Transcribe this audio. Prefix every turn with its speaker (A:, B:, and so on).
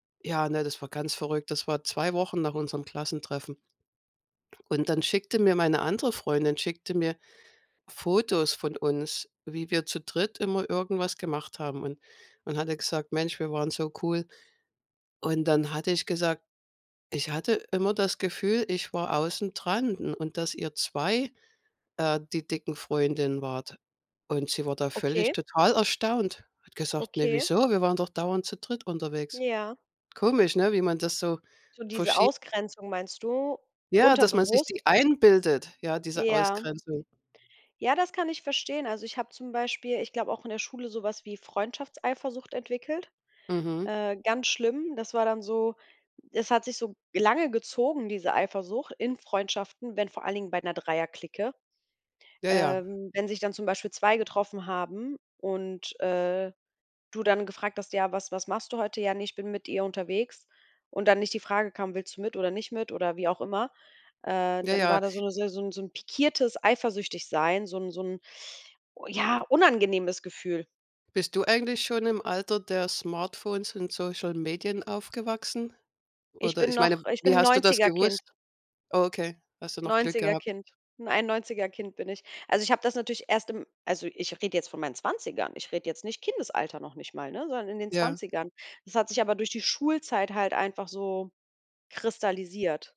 A: Ja, ne, das war ganz verrückt. Das war 2 Wochen nach unserem Klassentreffen. Und dann schickte mir meine andere Freundin, schickte mir Fotos von uns, wie wir zu dritt immer irgendwas gemacht haben. Und und hatte gesagt: „Mensch, wir waren so cool.“ Und dann hatte ich gesagt: „Ich hatte immer das Gefühl, ich war außen dran u und dass ihr 2, äh, die dicken Freundinnen wart.“ Und sie war da völlig
B: Okay.
A: total erstaunt. Hat gesagt: „Ne,
B: Okay.
A: wieso? Wir waren doch dauernd zu dritt unterwegs.“
B: Ja.
A: Komisch, ne, wie man das so
B: So diese
A: verschie
B: Ausgrenzung meinst du,
A: Ja, dass man sich die
B: unterbewusst?
A: einbildet, ja, diese
B: Ja.
A: Ausgrenzung.
B: Ja, das kann ich verstehen. Also, ich habe zum Beispiel, ich glaube auch in der Schule, so was wie Freundschaftseifersucht entwickelt.
A: Mhm.
B: Äh, ganz schlimm. Das war dann so es hat sich so lange gezogen, diese Eifersucht in Freundschaften, wenn vor allen Dingen bei 'ner Dreierclique.
A: Ja, ja.
B: Ähm. Wenn sich dann zum Beispiel 2 getroffen haben und, äh, du dann gefragt hast: „Ja, was was machst du heute?“ „Ja, ne, ich bin mit ihr unterwegs“ und dann nicht die Frage kam: „Willst du mit oder nicht mit“ oder wie auch immer, äh,
A: Ja,
B: dann
A: ja.
B: war da so 'ne se so 'n pikiertes Eifersüchtig sein, so 'n so 'n ja, unangenehmes Gefühl.
A: Bist du eigentlich schon im Alter der Smartphones und Social Medien aufgewachsen?
B: Ich
A: Oder
B: bin
A: ich meine,
B: noch ich bin
A: wie
B: 'n
A: hast du das
B: 90er- Kind.
A: gewusst? Okay, hast du noch Glück
B: 90er-
A: gehabt.
B: Kind, 91er- Kind bin ich. Also, ich habe das natürlich erst im also, ich rede jetzt von meinen 20ern. Ich rede jetzt nicht Kindesalter noch nicht mal, ne, sondern in den
A: Ja.
B: 20ern. Das hat sich aber durch die Schulzeit halt einfach so kristallisiert.